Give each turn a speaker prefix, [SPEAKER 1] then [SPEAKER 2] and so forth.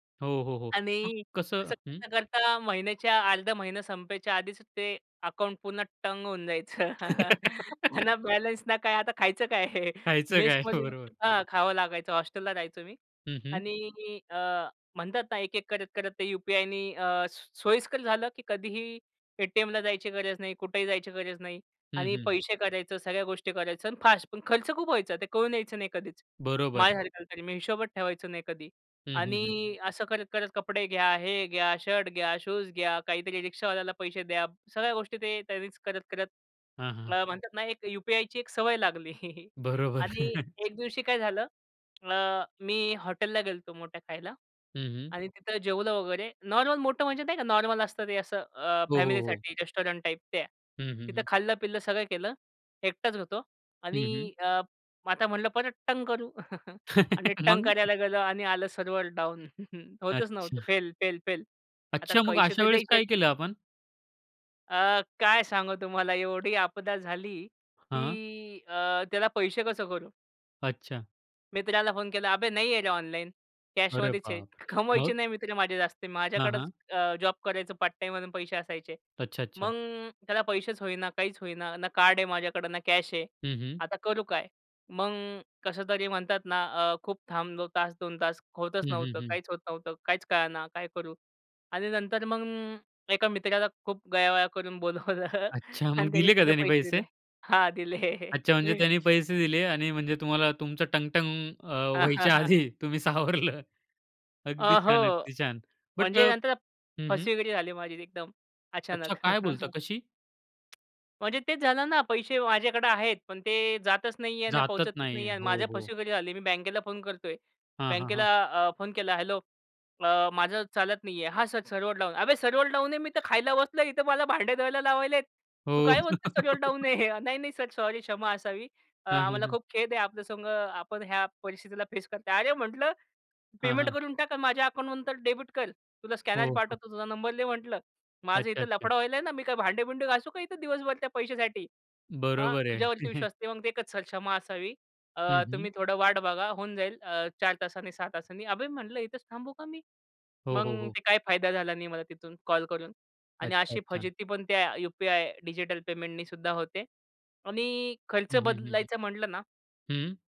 [SPEAKER 1] हो, हो, हो. मग
[SPEAKER 2] आणि
[SPEAKER 1] कसं
[SPEAKER 2] असं
[SPEAKER 1] हं.
[SPEAKER 2] करता, करता महिन्याच्या अर्धा महिना संपायच्या आधीच ते अकाउंट पुन्हा टंग होऊन जायचं. ना बॅलन्स ना काय आता खायचं काय?
[SPEAKER 1] खायचं काय?
[SPEAKER 2] मेसमधील
[SPEAKER 1] बरोबर.
[SPEAKER 2] [unintelligible] हां, खावं लागायचं हॉस्टेलला राहायचो मी.
[SPEAKER 1] हं, हं.
[SPEAKER 2] आणि अ, म्हणतात ना एक-एक करत-करत ते यूपीआयनी अ, सो सोयीस्कर झालं, की कधीही एटीएमला जायची गरज नाही. कुठेही जायची गरज नाही.
[SPEAKER 1] हं,
[SPEAKER 2] आणि
[SPEAKER 1] हं.
[SPEAKER 2] पैसे काढायचं, सगळ्या गोष्टी करायचं आणि फास्ट. पण खर्च खूप व्हायचा. ते कळून यायचं नाही कधीच.
[SPEAKER 1] बरोबर.
[SPEAKER 2] माझ्यासारख्याला तरी. मी हिशोबच ठेवायचो नाही कधी.
[SPEAKER 1] हं, हं,
[SPEAKER 2] आणि
[SPEAKER 1] हं.
[SPEAKER 2] अ, असं करत-करत कपडे घ्या, हे घ्या, शर्ट घ्या, शूज घ्या, काहीतरी रिक्षावाल्याला पैसे द्या. सगळ्या गोष्टी ते त्यांनीच करत-करत
[SPEAKER 1] हां, हां.
[SPEAKER 2] ला म्हणतात ना एक यूपीआयची एक सवय लागली.
[SPEAKER 1] बरोबर.
[SPEAKER 2] आणि एक दिवशी काय झालं? अ, मी हॉटेलला गेलो होतो, मोठ्या खायला
[SPEAKER 1] हं, हं.
[SPEAKER 2] आणि तिथं जेवलं वगैरे नॉर्मल मोठं म्हणजे नाही का नॉर्मल असतं ते असं अ,
[SPEAKER 1] हो, हो, हो.
[SPEAKER 2] फॅमिलीसाठी रेस्टॉरंट टाइप ते.
[SPEAKER 1] हं, हं,
[SPEAKER 2] तिथं
[SPEAKER 1] हं.
[SPEAKER 2] खाल्लं, पिल्लं सगळं केलं एकटाच होतो, आणि
[SPEAKER 1] हं, हं.
[SPEAKER 2] अ, मग आता म्हटलं परत टंग करू आणि
[SPEAKER 1] मग?
[SPEAKER 2] टंग करायला गेलो आणि आलं सर्व्हर डाउन. होतंच नव्हतं
[SPEAKER 1] अच्छा.
[SPEAKER 2] Fail, fail, fail. आता
[SPEAKER 1] अच्छा. मग
[SPEAKER 2] पैसे
[SPEAKER 1] अशा
[SPEAKER 2] तर
[SPEAKER 1] वेळेस
[SPEAKER 2] द्यायचेत.
[SPEAKER 1] काय केलं आपण?
[SPEAKER 2] अ, काय सांगू तुम्हाला एवढी आपदा झाली,
[SPEAKER 1] हां.
[SPEAKER 2] की अ, त्याला पैसे कसे करू?
[SPEAKER 1] अच्छा.
[SPEAKER 2] मित्राला फोन केला. "अबे नाही आहे रे ऑनलाईन
[SPEAKER 1] अरे
[SPEAKER 2] कॅशमध्येच आहे."
[SPEAKER 1] बापरे!
[SPEAKER 2] कमवायचे
[SPEAKER 1] मग?
[SPEAKER 2] नाही मित्रे माझे जास्ती
[SPEAKER 1] हां,
[SPEAKER 2] माझ्याकडेच
[SPEAKER 1] हां.
[SPEAKER 2] अ, जॉब करायचं पार्ट टाईममधून पैसे असायचे.
[SPEAKER 1] अच्छा, अच्छा.
[SPEAKER 2] मग त्याला पैसेच होईना काहीच होईना ना कार्ड आहे माझ्याकडं ना कॅश आहे
[SPEAKER 1] हं, हं.
[SPEAKER 2] आता करू काय? मग अ, कसं तरी म्हणतात ना अ, खूप थांबलो तास 2 तास. होतच
[SPEAKER 1] हं, हं,
[SPEAKER 2] नव्हतं.
[SPEAKER 1] हं.
[SPEAKER 2] काहीच होत नव्हतं, काहीच कळेना काय करू? आणि नंतर मग अ, एका मित्राला खूप गयावया करून बोलावलं
[SPEAKER 1] अच्छा. मग
[SPEAKER 2] आणि त्याने
[SPEAKER 1] दिले का
[SPEAKER 2] त्याचे
[SPEAKER 1] त्याने
[SPEAKER 2] पैसे दिले.
[SPEAKER 1] पैसे?
[SPEAKER 2] हां दिले.
[SPEAKER 1] अच्छा. म्हणजे त्यानी पैसे दिले आणि म्हणजे तुम्हाला तुमचं टंग, टंग अ, व्हायच्या आधी तुम्ही सावरलं. अगदी
[SPEAKER 2] अ, हो
[SPEAKER 1] छान, अगदी छान. बट
[SPEAKER 2] म्हणजे
[SPEAKER 1] अ
[SPEAKER 2] नंतर
[SPEAKER 1] हं, हं.
[SPEAKER 2] फसवेगिरी झाली माझी एकदम,
[SPEAKER 1] अच्छा.
[SPEAKER 2] अचानक.
[SPEAKER 1] काय बोलता कशी?
[SPEAKER 2] म्हणजे तेच झालं ना पैसे माझ्याकडे आहेत पण ते जातच नाही आहे आणि
[SPEAKER 1] जातच
[SPEAKER 2] पोहचतच नाही
[SPEAKER 1] नाहीये.
[SPEAKER 2] आहे आणि
[SPEAKER 1] हो,
[SPEAKER 2] माझ्या
[SPEAKER 1] हो.
[SPEAKER 2] फसवेगिरी झाली. मी बँकेला फोन करतोय.
[SPEAKER 1] हां, हां,
[SPEAKER 2] बँकेला
[SPEAKER 1] हां.
[SPEAKER 2] अ, फोन केला, "हेल्लो अ, माझं चालत नाही आहे." "हा सर सर्वर डाऊन." अबे सर्वर डाऊन आहे मी तर खायला बसलो इथं मला भांडे धुवायला लावायलेत तू
[SPEAKER 1] हो.
[SPEAKER 2] काय म्हणतो? सर्वर डाऊन आहे. नाही, नाही सर सॉरी क्षमा असावी. अ,
[SPEAKER 1] हां, हां,
[SPEAKER 2] आम्हाला
[SPEAKER 1] हां.
[SPEAKER 2] खूप खेद आहे, आपल्या संग आपण ह्या परिस्थितीला फेस करत आहात. अरे, म्हटलं
[SPEAKER 1] हां,
[SPEAKER 2] पेमेंट
[SPEAKER 1] हां.
[SPEAKER 2] करून टाक माझ्या अकाउंटमंतर डेबिट कर, तुला स्कॅनर
[SPEAKER 1] हो. हां.
[SPEAKER 2] पाठवतो. तुझा नंबर दे, म्हटलं माझं
[SPEAKER 1] अच्छा,
[SPEAKER 2] इथं
[SPEAKER 1] अच्छा.
[SPEAKER 2] लफडं व्हायला आहे ना, मी काय भांडे-बिंडे घासू का इथं दिवसभर, त्या पैशासाठी? हां,
[SPEAKER 1] बरोबर आहे.
[SPEAKER 2] तुझ्यावरती विश्वास असते मग ते एकच सक्षमा असावी
[SPEAKER 1] हं,
[SPEAKER 2] अ, तुम्ही
[SPEAKER 1] हं.
[SPEAKER 2] थोडं वाट बघा होऊन जाईल अ, 4 तासांनी 6 तासांनी. अबे म्हटलं इथेच थांबू का मी?
[SPEAKER 1] हो,
[SPEAKER 2] मग
[SPEAKER 1] हो, हो.
[SPEAKER 2] ते काय फायदा झाला नाही मला तिथून कॉल करून. आणि
[SPEAKER 1] अच्छा,
[SPEAKER 2] अशी
[SPEAKER 1] अच्छा.
[SPEAKER 2] फजिती पण त्या यूपीआय डिजिटल पेमेंटनीसुद्धा होते. आणि अ, खर्च
[SPEAKER 1] हं, हं, हं, हं.
[SPEAKER 2] बदलायचा म्हटलं ना
[SPEAKER 1] हं.